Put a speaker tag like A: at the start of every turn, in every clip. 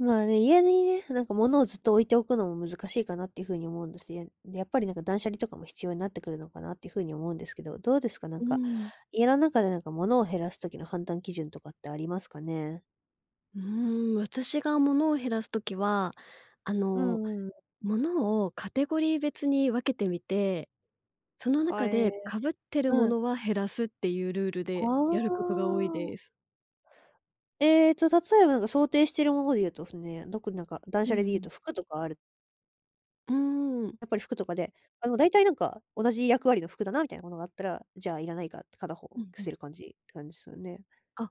A: まあね、家にね、なんか物をずっと置いておくのも難しいかなっていう風に思うんです。いえやっぱりなんか断捨離とかも必要になってくるのかなっていう風に思うんですけど、どうですか？な
B: う
A: ん
B: ー
A: か。
B: ん。
A: 家の中でなんか物を減らす時の判断基準とかってありますかね？
B: うーん、私が物を減らす時は、あ
A: うん
B: の
A: うんうん。
B: 物をカテゴリー別に分けてみて、その
A: は
B: 中
A: え、
B: でかぶってる
A: うん。
B: 物は減らすっていうルールで
A: は
B: やることが多い
A: あ。
B: です。
A: ええと、例えばなんか想定しているもので言うとすね、特になんか断
B: うん
A: 捨
B: う
A: 離で言う
B: ん。
A: と、服とかある
B: うーん。
A: やっぱり服とかで、あの、だいたいなんか、同じ役割の服だな、みたいなものがあったら、じゃいらないかって片方
B: うんう
A: 捨て
B: ん。
A: る感じって感じっすよね。
B: あ、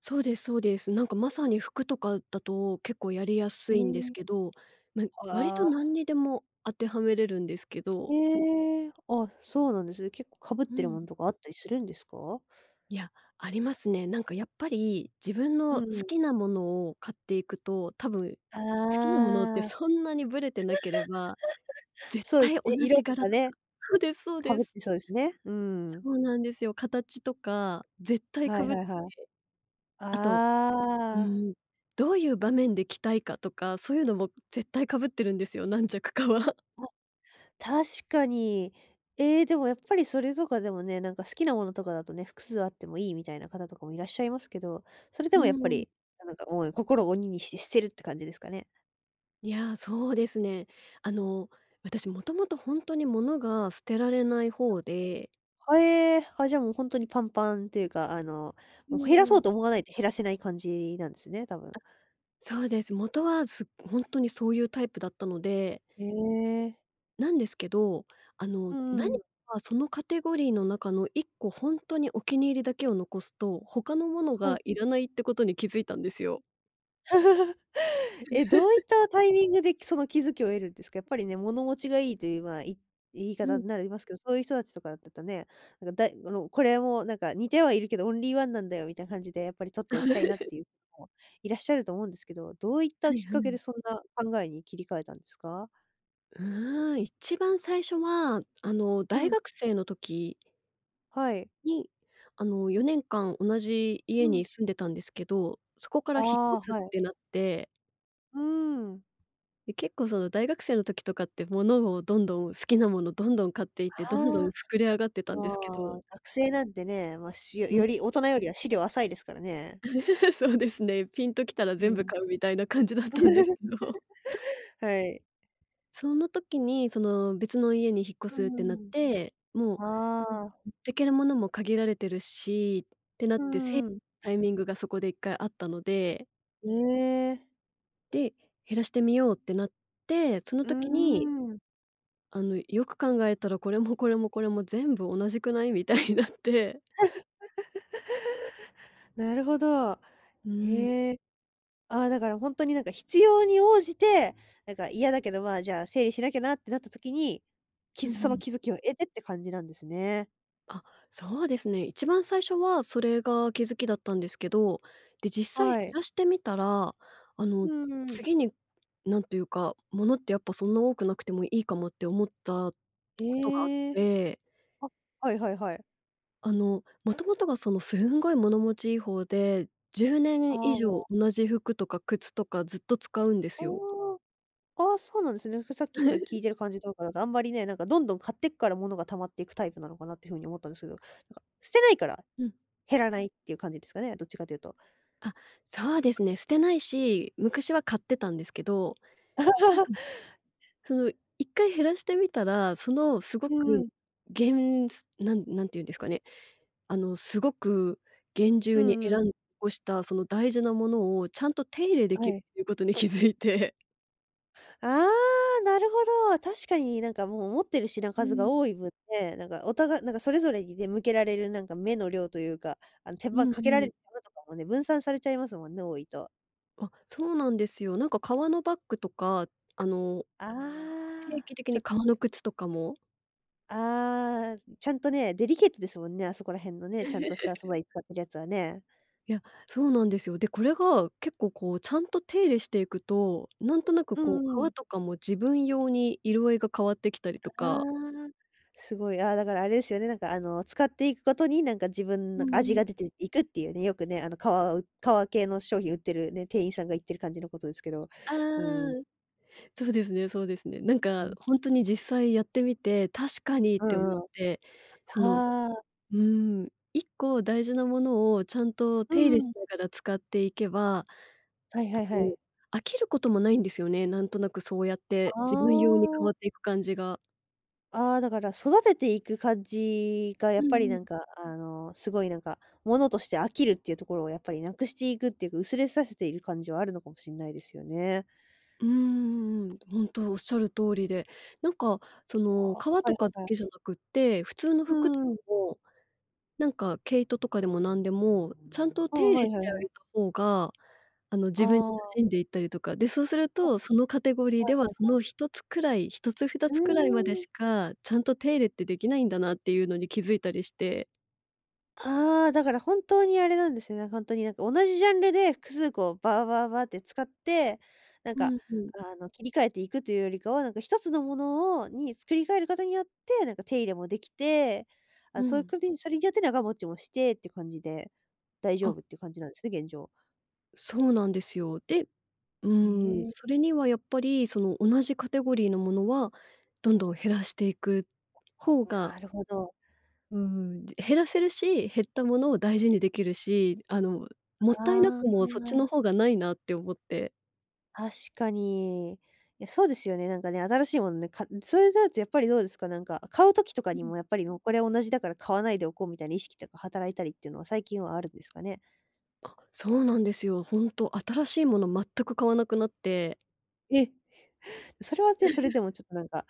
B: そうですそうです。なんかまさに服とかだと、結構やりやす
A: え
B: いんです
A: え。
B: けど。ま、割
A: あ
B: と何
A: あ。
B: にでも当てはめれるんですけど。
A: ええ、あ、そうなんですね。結構かぶっ
B: う
A: てる
B: ん。
A: ものとかあったりするんですか？
B: いや、ありますね。なんかやっぱり自分
A: う
B: の好
A: んうん。
B: きな物を買っていくと、多分、好きな物って
A: ああ。
B: そんなにぶれてなければ、絶
A: そうで
B: 対
A: す
B: 同
A: ね、色
B: じ
A: と
B: 柄
A: かね。
B: そうですそう
A: か
B: で
A: ぶっ
B: す。
A: てそうですね、う
B: そ
A: ん。
B: うなんですよ。形とか、絶対
A: は
B: か
A: い
B: ぶって
A: はいはい。
B: て。あと、う
A: ああ。
B: ーん、どういう場面で着たいかとか、そういうのも絶対かぶってるんですよ、何着かは。
A: あ。確かに。ええ、でもやっぱりそれとかでもね、なんか好きなものとかだとね、複数あってもいいみたいな方とかもいらっしゃいますけど、それで
B: う
A: もやっぱ
B: ん。
A: りなんかもう、心を鬼にして捨てるって感じですかね。
B: いや、そうですね。あの、私もともとほんとに物が捨てられない
A: はい。
B: 方で。
A: はえ、あ、じゃあもうほんとにパンパンっていうか、あの、
B: う
A: もう、減ら
B: んう
A: そう
B: ん。
A: と思わないと減らせない感じなんですね、多分。
B: あ、そうです。元は、す本当にそういうタイプだったので。
A: へえ。
B: なんですけど、あ
A: う
B: の、
A: んうん
B: 何
A: うん。
B: かそのカテゴリーの中の1個ほんとにお気に入りだけを残すと、他のもの
A: はい。
B: がいらないってことに気づいたんですよ。
A: え、どういっ たタイミングで、その気付きを得るんですか？やっぱりね、物持ちがいいという、まあ、い言い
B: う
A: 方
B: ん。
A: になりますけど、そういう人たちとかだったとね、なんか、だいあの、これもなんか似てはいるけど、オンリーワンなんだよみたいな感じでやっぱり取っておきたいなっ ていう人もいらっしゃると思うんですけど。どういった
B: はい
A: きっ
B: は
A: かけで、
B: い。
A: そんな考えに切り替えたんですか？
B: うーん。一番最初は、あの、
A: う
B: 大
A: ん。
B: 学生の時
A: はい。
B: に、あの、4年間同じ家
A: うん。
B: に住んでたんですけど、そこから引っ
A: あ
B: 越す
A: あ、は
B: っ
A: い。
B: てなって。
A: うーん。
B: で、結構、その大学生の時とかって、ものをどんどん好きなものどんどん買っていって、どんどん
A: ああ。
B: 膨れ上がってたん
A: ま
B: ですけど。
A: あ、学生なんてね、ま、しよ
B: うん。
A: より大人よりは思慮浅いですからね。
B: そうですね、ピンときたら
A: う
B: 全部
A: ん。
B: 買うみたいな感じだったんですけど。
A: はい。
B: その時に、その、別の家に引っ越
A: う
B: すっ
A: んう
B: てな
A: ん
B: っ
A: うん。
B: て、もう、
A: ああ。
B: 持ってける物も限られてるしってなっ
A: うん
B: て、
A: う
B: せ、
A: んうん。
B: タイミングがそこで1回あったので。
A: ええ。
B: で、減らしてみようってなって、その
A: うー
B: 時に。
A: ん。
B: あの、よく考えたら、これも、これも、これも全部同じくない、みたいになって。
A: なるほど。
B: うーん。
A: へえ。あ、だからほんとになんか必要に応じて、なんか嫌だけど、ま、じゃ、整理しなきゃなってなった時に、
B: うん
A: き
B: う
A: すその
B: ん。
A: 気付きを得てって感じなんですね。
B: あ、そうですね。一番最初はそれが気付きだったんですけど、で、実際減
A: はい。
B: らしてみたら、あの
A: うん。
B: 次に何というか、物ってやっぱ、そんな多くなくてもいいかもって思ったことがあっ
A: へえ。
B: て。
A: あ、はいはいはい。
B: あの元々がそのすんごい、物持ちいい方で、じゅうね
A: あ
B: ん以
A: あ、もう。
B: 上同じ服とか靴とかずっと使うんで
A: あ
B: すよ。
A: あ。あ、そうなんですね。ふさっきから聞 いてる感じとかだとあんまりね、なんかどんどん買ってくから物が溜まっていくタイプなのかなっていう風に思ったんですけど、なんか捨てないから、
B: うん。
A: 減らないっていう感じですかね、どっちかというと。
B: あ、そうですね。捨てないし、昔は買ってたんですけど、なんか、その一回減らしてみたら、そのすご
A: うー
B: く、
A: ん。
B: げんすなん何てゆんですかね、あのすごく厳
A: う
B: 重
A: ん
B: に
A: うんう
B: 選ん
A: ん
B: ごした、その大事な物をちゃんと手入れで
A: は
B: きる
A: い。
B: っていうことに気付いて。
A: ああ、なるほど。確かになんかもう、持ってる品
B: う
A: 数が
B: ん。
A: 多い分ね、なんかお互なんかそれぞれにね、向けられるなんか目の量というか、あの手
B: う
A: 間
B: ん
A: かけら
B: う
A: れ
B: ん。
A: る手間とかもね、分散されちゃいますもんね、多いと。
B: あ、そうなんですよ。なんか革のバッグとか、あの
A: あ
B: 定
A: あ。
B: 期的
A: ちょ
B: に
A: っ
B: 革の靴とかも
A: ああ、ちゃんとね、デリケートですもんね、あそこら辺のね、ちゃんとした素 材使ってるやつはね。
B: いや、そうなんですよ。で、これが、結構こう、ちゃんと手入れしていくと、なんとなく
A: う
B: こ
A: ん
B: う、
A: うんう
B: 革
A: ん。
B: とかも自分用に色合いが変わってきたり
A: た
B: とか。
A: ああ、すごい。ああ、だからあれですよね、なんかあの、使っていくことになんか、自分
B: う
A: の味
B: んうん。
A: が出ていくっていうね、よくね、あの革う革系の商品売ってるね、店員さんが言ってる感じのことですけど、
B: ああ、
A: うん。
B: そうですねそうですね。なん
A: う
B: か、
A: ん。
B: ほんとに実際やってみて「確かに」っ
A: う
B: て思っ
A: んうん。は
B: て、その
A: あ。
B: うん、1個大事なものをちゃんと
A: う
B: 手入れし
A: ん。
B: ながら使っていけば、あ
A: はいはいは
B: の、
A: い。
B: 飽きることもないんですよね。なんとなくそうやって、
A: あ
B: 自分用に変わ
A: あ。
B: っていく感じが。
A: ああ、だから育てていく感じがや
B: う
A: っぱり
B: んう
A: な
B: ん。
A: んか、あの、すごいなんか、物として飽きるっていうところをやっぱりなくしていくっていうか、薄れさせている感じはあるのかもしんないですよね。
B: うーん、ほんとおっしゃる通りで、なんか、そ
A: つあ、
B: の、
A: は
B: 革と
A: い
B: かだ
A: はいはい。
B: けじゃなくって、普通の
A: う
B: 服とか
A: ん。
B: も、なんか毛糸とかでもなんでも、ちゃんと
A: あ
B: 手
A: あ、
B: 入れ
A: はい
B: し
A: はい
B: てあ
A: はい。
B: げた方が、あの、自分に馴
A: ああ。
B: 染んでいったりとか。で、そうする
A: あ。
B: と、そのカテゴリー
A: は
B: で
A: いは
B: は
A: い
B: そ
A: はい。
B: の1つくらい、1つふた
A: う
B: つくらいまで
A: ーん。
B: しか、ちゃんと手入れってできないんだなっていうのに気づいたりして。
A: ああ、だから本当にあれなんですよね、ほんとになんか同じジャンルで複数個バーバーバーって使って、なん
B: う
A: か、
B: んうん。
A: ああの、切り替えていくというよりかは、なんか1つのものをに作り変える事によって、なんか手入れもできて、あ、
B: う
A: そう、
B: ん。
A: くびんそれによって長持ちもしてって感じで、大丈
B: あ。
A: 夫っていう感じなんですね、現状。
B: そうなんですよ。で、う
A: へ
B: ーん、
A: え。
B: それにはやっぱり、その、同じカテゴリーのものは、どんどん減らしていく方が
A: なるほど。
B: うーん、じ減らせるし、減ったものを大事にできるし、あの、もったいな
A: あ
B: くも、そっちの
A: あ。
B: 方がないなって思って。
A: 確かに。いや、そうですよね、なんかね、新しいものね、かん、そういうなるとやっぱりどうですか？なんか買う時とかに
B: うん。
A: も、やっぱりもうこれは同じだから買わないでおこう、みたいな意識とか働いたりっていうのは最近はあるんですかね？
B: あ、そうなんですよ。ほんと、新しいもの全く買わなくなって。
A: え！それはね、それで もちょっとなんか、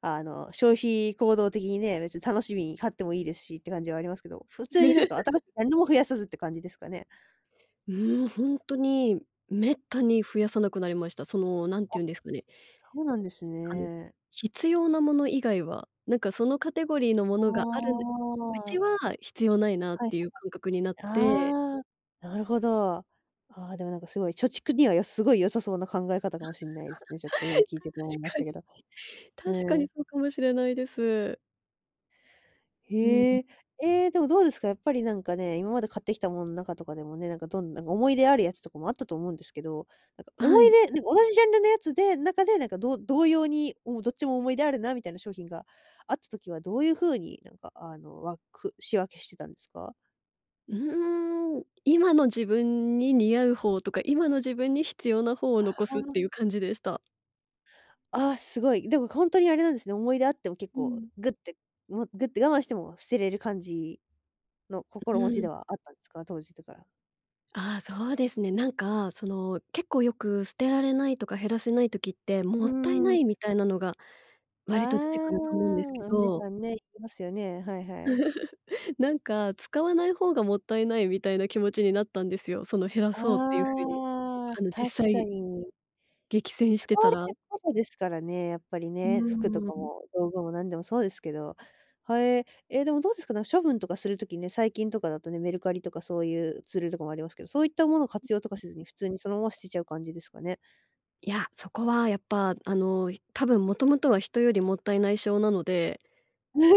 A: あの消費行動的にね、別に楽しみに買ってもいいですしって感じはありますけど、普通になんか、新しい、なんにも増やさずって感じですかね？
B: うーん。ほんとに、滅多に増やさなくなりました。その何て
A: あ、
B: 言うんですかね
A: そうなんです
B: あの、
A: ね。
B: 必要なもの以外は、なんかそのカテゴリーのも
A: は
B: のがあるんう
A: あ。
B: ちは必要ないなっ
A: はい。
B: ていう感覚になって
A: ああ、なるほど。ああ、でもなんかすごい貯蓄にはすごい良さそうな考え方かも しんないですね。ちょっと今聞いてて思いまし
B: 確か
A: たけ
B: に。
A: ど。
B: 確か
A: う
B: に
A: ん。
B: そうかもしれないです。うん。
A: へえ。ええ、でもどうですか？やっぱりなんかね、今まで買ってきたものの中とかでもね、なんかどんなんか思い出あるやつとかもあったと思うんですけど。なんか思
B: は
A: い
B: い。
A: 出、なんか同じジャンルのやつで中でなんかどう同様に、もうどっちも思い出あるなみたいな商品があった時はどういう風になんかあのわく仕分けしてたんですか？
B: うーん、今の自分に似合う方とか、今の自分に必要な方を残すっ
A: あ。
B: ていう感じでした。
A: ああ、すごい。でもほんとにあれなんですね。思い出あっても結
B: う
A: 構
B: ん。
A: グって、もうグって我慢しても捨てれる感じの
B: う
A: 心持ち
B: ん。
A: ではあったんですか？当時とか。
B: あ、そうですね。なんか、その結構よく捨てられないとか減らせない時っても
A: う
B: ったいな
A: ーん。
B: いみたいなのが
A: あ
B: 割と出てくると思うんですけ
A: あ、あ、皆
B: ど。
A: さんね、いってますよね。はいはい。
B: なんか、使わない方がもったいないみたいな気持ちになったんですよ。その減らそうっていう風に、
A: ああ、
B: あの、
A: 確
B: 実
A: か
B: 際。
A: に。
B: 激戦して
A: 使わ
B: た
A: れ
B: ら。
A: てることですからね、やっぱり
B: う
A: ね、服と
B: ー
A: か
B: ん。
A: も道具も何でもそうですけど。はえ、え、でもどうですかね、処分とかするときね、最近とかだとね、メルカリとかそういうツールとかもありますけど、そういったものを活用とか
B: ん、ん。
A: せずに普通にそのまま捨てちゃう感じですかね？
B: いや、そこはやっぱ、あのひ多分もともとは人よりもったいない性なので、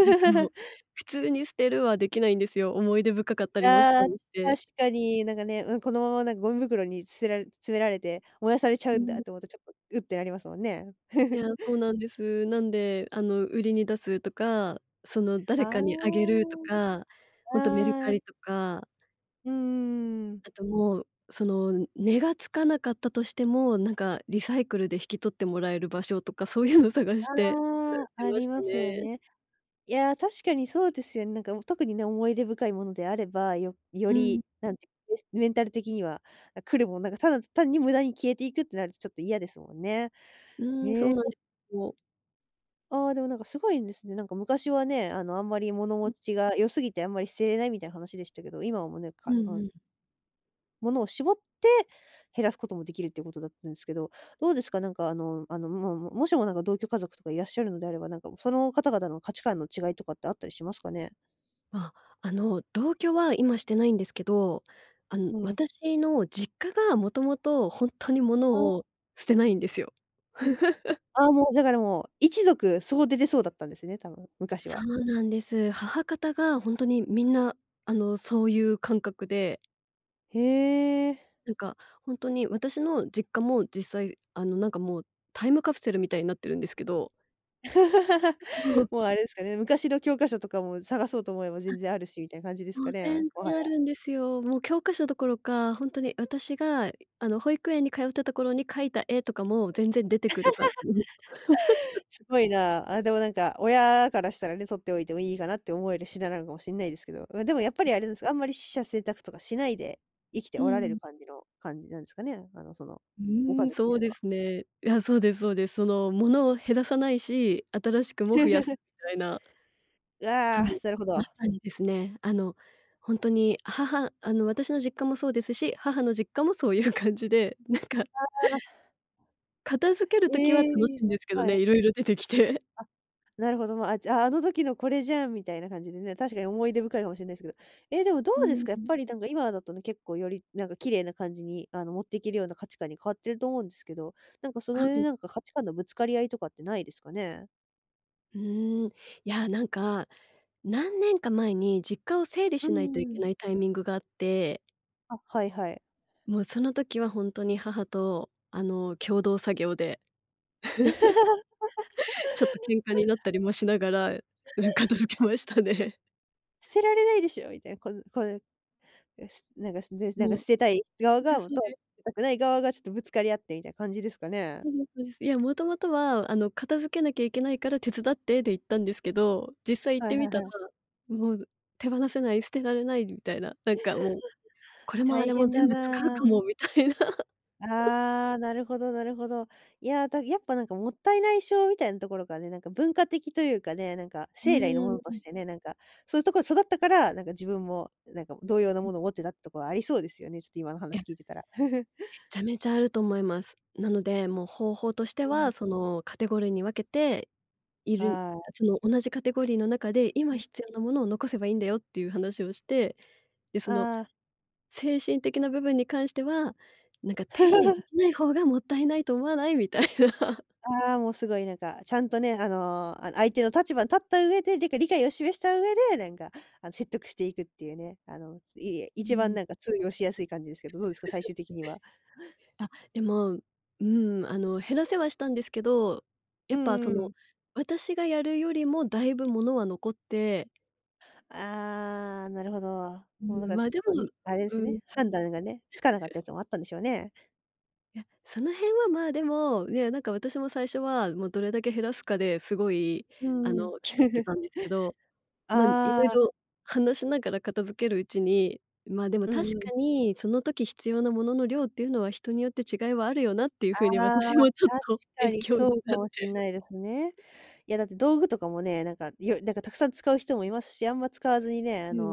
B: なんかもう、普通に捨てるはできないんですよ。思い出深かったりもした
A: ああ、
B: りして。
A: 確かになんかね、うん、このままなんかゴミ袋に捨てられ詰められて燃やされちゃ
B: う
A: うん
B: ん。
A: だと思うと、ちょっとうってなりますもんね。
B: い や、そうなんです。なんであの売りに出すとか、その誰
A: あ
B: かにあげるとか、ほんとメル
A: あ、
B: カ
A: あ。
B: リとか。
A: うーん。
B: あともう、その値が付かなかったとしても、なんかリサイクルで引き取ってもらえる場所とかそういうのを探してみた
A: ああ、
B: りし
A: あ
B: ま
A: り
B: し
A: ま
B: た
A: すよ
B: ね。
A: ね。いや、確かにそうですよね。なんか特にね、思い出深いものであれば、よよ
B: うん。
A: りなんか、うしメンタル的にはなんか来るもんなんかただ単に無駄に消えていくってなるとちょっと嫌ですもんね。
B: うん、
A: へ
B: そ
A: え。
B: うなんでうお。
A: ああ、でもなんかすごいんですね。なんか昔はね、あのあんまり物持
B: ん。
A: ちが良すぎてあんまり捨てれないみたいな話でしたけど、今もね、
B: う
A: か
B: ん
A: な
B: うん。
A: ものを絞って減らすこともできるっていうことだったんですけど、どうですか、なんかあのあの、もう、ももしもなんか、同居家族とかいらっしゃるのであれば、なんか、その方々の価値観の違いとかって、あったりしますかね？
B: あ、あの同居は今してないんですけど、あん、
A: うん。
B: 私の実家が、もともと本当に
A: あ
B: 物
A: あ。
B: を、捨てないんですよ。
A: ああもうだから、もう一族、総出でそうだったんですね、多分、昔
B: そ
A: は。
B: うなんです。母方が、本当にみんなあの、そうゆう感覚で。
A: へえ。
B: なんか本当に、私の実家も実際、あのなんかもう、タイムカプセルみたいになってるんですけど。
A: もうあれですかね、昔の教科書とかも、探そうと思えば
B: あ、
A: 全然あるし、みたいな感じです
B: も
A: か
B: う
A: ねえ、
B: 全
A: もは
B: 然あ
A: や。
B: るんですよ。もう教科書どころか、本当に私が、い、あの保育園に通ったところに描いた絵とかも、全然出てくるかん
A: すごいな。あ、でもなんか親からしたらね、取っておいてもいいかな、って思える品なのかもしんないですけど、まあでもやっぱりあれですか、あんまり取捨選択とかしないで、生きて
B: う
A: おられる
B: ん。
A: 感じの感じなんですかね、あの、その、
B: う
A: ご
B: ー
A: 家
B: ん、
A: 族っ
B: そ
A: て
B: う
A: いうの
B: で
A: は。
B: すね。いや、そうですそうです、その、物を減らさないし、新しくも増やす、みたいな。
A: う
B: そ
A: あ、
B: う、
A: なるほ
B: ま
A: ど。
B: さにですね、あの本当に母あの私の実家もそうですし、母の実家もそういう感じで、なんか
A: ああ。
B: 片付ける時は楽
A: え
B: し
A: え、
B: いんですけど
A: は
B: ね、
A: い。
B: 色々出てきて。
A: あ、なるほど、ま、あ、じゃあ、あの時のこれじゃんみたいな感じでね、確かに思い出深いかもしんないですけど、え、でもど
B: う
A: うですか？やっ
B: ん。
A: ぱりなんか今だとね、結構よりなんか綺麗な感じに、あの、持っていけるような価値観に変わってると思うんですけど、なんかその
B: は
A: 辺
B: い。
A: なんか、価値観のぶつかり合いとかってないですかね？
B: うーん。いや、なんか、何年か前に実家を整理
A: う
B: しない
A: ん
B: とい
A: う
B: け
A: ん。
B: ないタイミングがあって。
A: あ、はいはい。
B: もうその時は本当に母と、あの、共同作業で。ちょっと喧嘩になっ たりもしながら、うん、片付けましたね。
A: 捨てられないでしょ、みたいな、こぬこう、なすなんかすねなん
B: も
A: か
B: うそ
A: 捨てたい側
B: うで
A: が、
B: すそう
A: と、捨
B: です。
A: てたくない側がちょっとぶつかり合ってみたいな感じですかね。
B: そうですそうです。いや、もともとは、あの「片付けなきゃいけないから手伝って」で行ったんですけど、実際行っ
A: は
B: て
A: い
B: み
A: はい
B: た
A: は
B: ら、
A: い。
B: もう、手放せない、捨てられないみたいな、なんかもう 「これもあ
A: 大
B: れも
A: 変だ
B: 全部使うか
A: な。
B: も」みたいな。
A: ああ、なるほどなるほど。いや、だか、やっぱなんかもったいない症、みたいなところからね、なんか文化的というかね、なんか、
B: う
A: 生来のも
B: ー
A: のと
B: ん。
A: してねなんか、そういうところで育ったから、なんか自分も、なんか、同様の
B: うん。
A: ものを持ってたってところはありそうですよね、ちょっと今の
B: い
A: 話
B: や。
A: 聞いてたら。
B: めちゃめちゃあると思います。なのでもう方法として
A: うん。
B: は、その、カテゴリーに分けて、いるんあっ
A: ああ。
B: ちの同じカテゴリーの中で今
A: うん。
B: 必要なものを残せばいいんだよっていう話をして、で、その、
A: ああ。
B: 精神的な部分に関しては、なんか「手入れで きない方がもったいないと思わない？」みたいな。
A: ああ、もうすごいなんか、ちゃんとね、あのあの相手の立場に立った上で、りか理解を示した上で、なんか、あの、説得していくっていうね、あの、いいえ、
B: う
A: 一番
B: ん。
A: なんか通用しやすい感じですけど、どうですか？最終的には。
B: あ、でも、うん。あの、減らせはしたんですけど、や
A: う
B: っ
A: ん
B: ぱそ
A: うんう
B: の、
A: ん。
B: 私がやるよりもだいぶ物は残って
A: ああ、なるほど。
B: う
A: もうだ
B: ん、
A: からち
B: ま、
A: ょ
B: で
A: っと、
B: も、
A: にあれで
B: う
A: す
B: ん。
A: ね、判断がね、つかなかったや つもあったんでしょうね。
B: いや、その辺はまあでも、ね、なんか私も最初はもうどれだけ減らすかですごいあ
A: うーん。
B: の競ってた んですけど、ま、
A: あ
B: 色
A: あ。
B: 々話しながら片付けるうちに、まあでも
A: う
B: 確
A: んうん。
B: かに、その時必要なものの量っていうのは人によって違いはあるよなっていう風に
A: あ
B: 私
A: あ、
B: もちょっ
A: 確
B: と
A: か
B: 勉
A: に
B: 強
A: そ
B: に
A: うか
B: なっ
A: もしん
B: て。
A: ないですね。いやだって道具とかもね、なんかいよなんかたくさん使う人もいますし、あんま使わずにね、
B: う
A: あ
B: んう
A: の、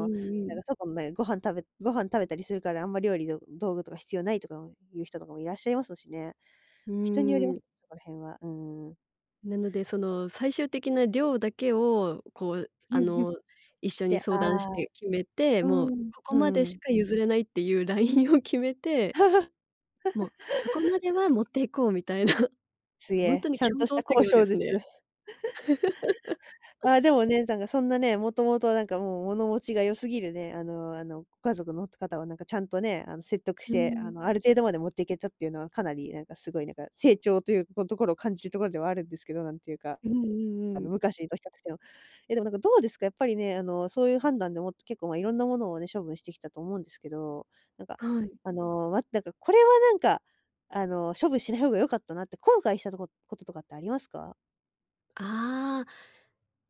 B: んう
A: なん
B: ん。
A: か外のねんご飯食べご飯食べたりするから、あんま料理の道具とか必要ないとか、うん、いう人とかもいらっしゃいますしね。
B: う
A: 人により
B: ー
A: まそ
B: ん。
A: こら辺は。うーん。
B: なので、その最終的な量だけをこうあの 一緒に
A: で、
B: 相談
A: あ
B: し
A: あ、
B: て決めて、
A: う
B: もう
A: ん
B: ここ
A: う
B: までし
A: ん。
B: か譲れないっていうラインを決めて、もうそこま では持っていこうみたいな。
A: すげ
B: ほん
A: え、
B: とに
A: ちゃん
B: 共
A: とし
B: 同
A: た
B: 作
A: 交
B: 業で
A: 渉
B: す
A: 術。
B: ね。
A: あ、でもね、なんかそんなね、もともとなんかもう物持ちが良すぎるね、あのあのご家族のと方はなんかちゃんとね、あの説得し
B: う
A: て、あ
B: ん。
A: の、ある程度まで持っていけたっていうのはかなりなんかすごいなんか成長というとこところ感じるところではあるんですけど、なんていうか、
B: うんう
A: あ
B: んう
A: の
B: ん。
A: 昔と比較しても。え、でもなんかどうですか？やっぱりね、あのそういう判断でもって結構まあいろんなものをね、処分してきたと思うんですけど、なんか
B: はい。
A: あの、ま、だかこれはなんかあの処分しない方が良かったなって後悔したとここととかってありますか？
B: ああ。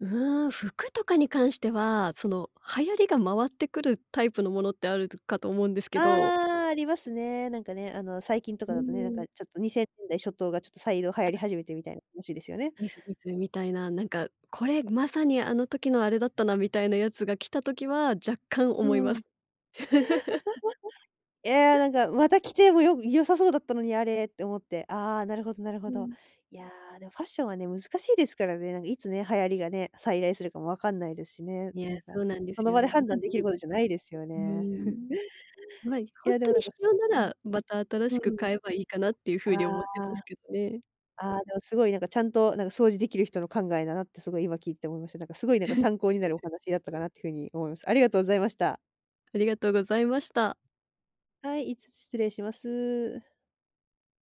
B: うーん、服とかに関しては、その流行りが回ってくるタイプのものってあるとかと思うんですけど。
A: ああ、ありますね。なんかね、あの、最近とか
B: うー
A: だとね、なんか
B: ん。
A: ちょっと2000年代初頭がちょっと再度流行り 始めてみたいな話ですよね。
B: みたいな、なんか、これまさにあの時のあれだったなみたいなやつが来た時は若干
A: うん。
B: 思いま す。うん。
A: え、「や、なんかまたきてもよぐ良さそうだったのにあれ」って思って、あ、なるほどなるほ
B: う
A: ど。
B: ん。
A: いや、でもファッションはね、難しいですからね、なんかいつね、流行りがね、再来するかもわかんないですしね。
B: に
A: な
B: え、
A: んか
B: そうなんで
A: そ
B: す
A: の場で
B: よ。
A: 判
B: ま、
A: 断で
B: で
A: きる
B: も
A: ことじゃないですよ
B: うー
A: ね。
B: ん。まい、
A: い
B: ほん
A: や、で
B: と
A: もな
B: に
A: んか、
B: 必要
A: すう
B: な
A: ん。
B: ら、また新
A: う
B: しく
A: ん。
B: 買えばいいかなっていう
A: あ
B: 風に思ってます
A: あ。
B: けどね。
A: あ、でもすごいなんかちゃんとなんか掃除できる人の考えだなってすごい今聞いて思いました。なんかすごいなんか参考になるお 話だったかなってふうに思います。ありがとうございました。
B: ありがとうございました。
A: はい、いつ失礼します。